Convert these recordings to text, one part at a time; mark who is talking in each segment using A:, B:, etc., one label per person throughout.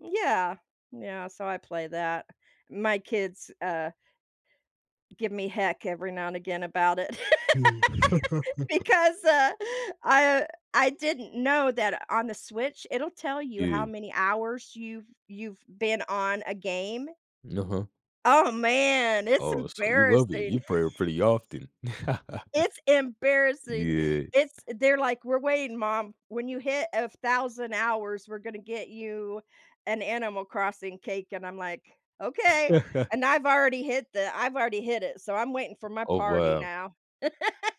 A: Yeah. Yeah, so I play that, my kids, uh give me heck every now and again about it.
B: Mm.
A: Because, uh, I I didn't know that on the Switch, it'll tell you how
B: Yeah.
A: many hours you've you've been on a game.
B: N uh-huh.
A: Oh, man, it's
B: Oh, so you love it,
A: embarrassing.
B: you prayer pretty often.
A: It's embarrassing,
B: Yeah.
A: it's they're like, "We're waiting mom, when you hit 1000 hours, we're gonna get you an animal crossing cake," and I'm like, "Okay," and I've already hit the I've already hit it, so I'm waiting for my
B: Oh,
A: party
B: wow.
A: now.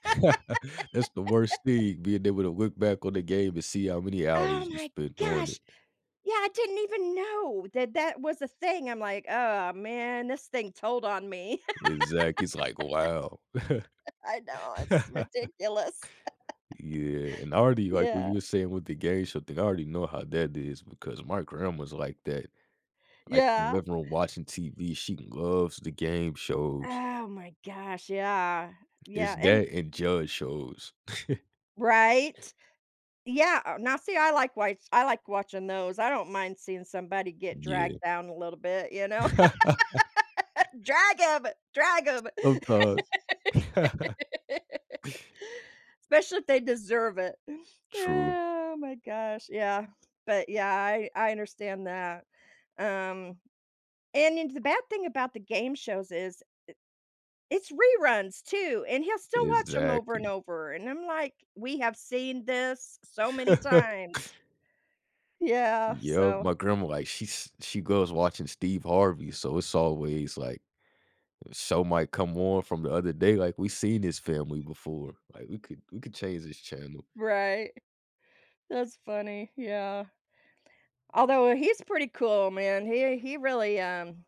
B: That's the worst thing, being able to look back on the game and see how many
A: Oh
B: hours you
A: my
B: spent on it.
A: gosh. Yeah, I didn't even know that that was a thing, I'm like, "Oh, man, this thing told on me."
B: Exact it's like, "wow."
A: I know. It's ridiculous.
B: Yeah, and I already like what you
A: Yeah.
B: were saying with the game show thing, I already know how that is because my grandma's like that. Like,
A: Yeah.
B: living room watching TV, she loves the game shows.
A: Oh my gosh, yeah.
B: It's
A: Yeah, and
B: that and judge shows.
A: Right? Yeah, o now see, I like wa I like watching those, I don't mind seeing somebody get
B: Yeah.
A: dragged down a little bit, you know? "Drag 'em. Drag
B: S
A: 'em."
B: sometimes.
A: Especially if they deserve it. Eh,
B: True.
A: oh my gosh, yeah. But, yeah, I I understand that, um, and and the bad thing about the game shows is, eh, it's reruns too, and he'll still watch 'em over and
B: Exactly.
A: over, and I'm like, "We have seen this so many times." Yeah.
B: Yep,
A: So
B: my grandma, like, she's she goes watching Steve Harvey, so it's always like show might come on from the other day, like, "We seen this family before, like, we could we could change this channel."
A: Right. That's funny, yeah. Although, he's pretty cool, man, he he really, um